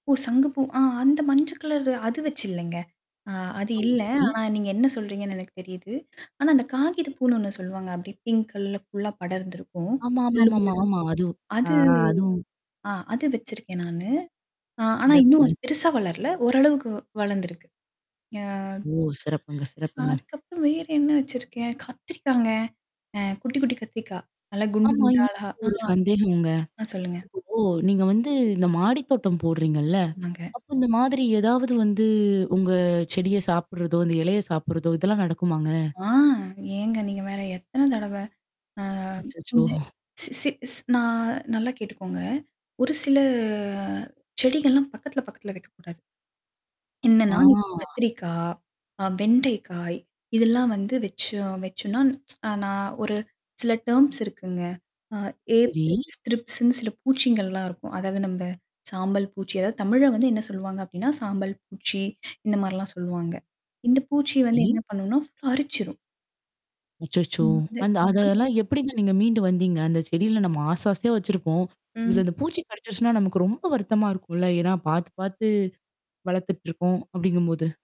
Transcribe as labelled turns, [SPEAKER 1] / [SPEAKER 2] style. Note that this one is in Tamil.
[SPEAKER 1] ஓ! சங்கு பூ ஆ. அந்த மஞ்ச கலரு, அது வச்சுல்லைங்க. ஆ. அது
[SPEAKER 2] ம்,
[SPEAKER 1] இல்ல.
[SPEAKER 2] சரி.
[SPEAKER 1] ஆனா நீங்க என்னா சொல்றீங்கன்னு எனக்கு தெரியுது. ஆனா அந்த காகிதப்பூன்னு ஒண்ணு சொல்லுவாங்க அப்டியே பிங்க் கலர்ல ஃபுல்லா படர்ந்திருக்கும்.
[SPEAKER 2] ஆமா, ஆமா,
[SPEAKER 1] முள்ளு,
[SPEAKER 2] ஆமா, ஆமா,
[SPEAKER 1] முள்ளா
[SPEAKER 2] ஆமா. அது ஆ
[SPEAKER 1] அது
[SPEAKER 2] அதுவும்
[SPEAKER 1] ஆ. அது வச்சிருக்கேன் நானு. ஆ ஆனா இன்னும்
[SPEAKER 2] சிறப்புங்க.
[SPEAKER 1] அது பெருசா வளரல. ஓரளவுக்கு வ் வளந்திருக்கு. யா
[SPEAKER 2] ஓ! சிறப்புங்க, சிறப்புங்க.
[SPEAKER 1] அதுக்கப்புறம் வேற என்னா வைச்சிருக்கேன்? கத்திரிக்காங்க! அ. குட்டி, குட்டி கத்திரிக்கா. நல்லா குண்டு,
[SPEAKER 2] ஆமா.
[SPEAKER 1] குண்டா அழகா!
[SPEAKER 2] எனக்கு
[SPEAKER 1] ஆ
[SPEAKER 2] ஒரு சந்தேகம்ங்க.
[SPEAKER 1] ஆ. சொல்லுங்க.
[SPEAKER 2] இப்போ நீங்க வந்து இந்த மாடி தோட்டம் போடுறீங்கள்ல?
[SPEAKER 1] ஆமாங்க.
[SPEAKER 2] அப்போ, இந்த மாதிரி ஏதாவது வந்து, உங்க செடிய சாப்பிடுறதோ, அந்த இலைய சாப்பிடுறதோ இதெல்லாம் நடக்குமாங்க?
[SPEAKER 1] ஆ. ஏங்க நீங்க வேற! எத்தன தடவ? ஆ.
[SPEAKER 2] அச்சச்சோ!
[SPEAKER 1] இந்த ஸி ஸி ஸ் நான் நல்லா கேட்டுக்கோங்க. ஒரு சில செடிகள்லாம் பக்கத்துல, பக்கத்துல வெக்கக்கூடாது. என்னான்னா,
[SPEAKER 2] ஆ
[SPEAKER 1] கத்திரிக்கா, ஆ வெண்டைக்காய், இதெல்லாம் வந்து வெச்சோம் வெச்சோன்னா அ, நான் ஒரு சில டெர்ம்ஸ் இருக்குங்க. ஆ
[SPEAKER 2] சரி.
[SPEAKER 1] ஏப்பிட்ஸ் த்ரிப்ஸ்ன்னு சில பூச்சிங்கள்லாம் இருக்கும். அதாவது நம்ப சாம்பல் பூச்சி அதாவது தமிழ்ல வந்து என்னா சொல்லுவாங்க அப்படின்னா, சாம்பல் பூச்சி, இந்த மாரிலாம் சொல்லுவாங்க. இந்த பூச்சி வந்து
[SPEAKER 2] சரி
[SPEAKER 1] என்னா பண்ணுன்னா, ஃபுல்லா அரிச்சிரும்.
[SPEAKER 2] அச்சச்சோ!
[SPEAKER 1] ஆமா, அது
[SPEAKER 2] அந்த
[SPEAKER 1] அ
[SPEAKER 2] அதெல்லாம் எப்படிங்க நீங்க மீண்டு வந்தீங்க? அந்த செடியில நம்ம ஆசை, ஆசையா வச்சிருப்போம்.
[SPEAKER 1] ம்.
[SPEAKER 2] இதுல இந்த பூச்சி கடிச்சிருச்சுன்னா, நமக்கு ரொம்ப வருத்தமா இருக்கும்ல! ஏன்னா பாத்து, பாத்து வளத்துட்டுருக்கோம், அப்படிங்கும்போது!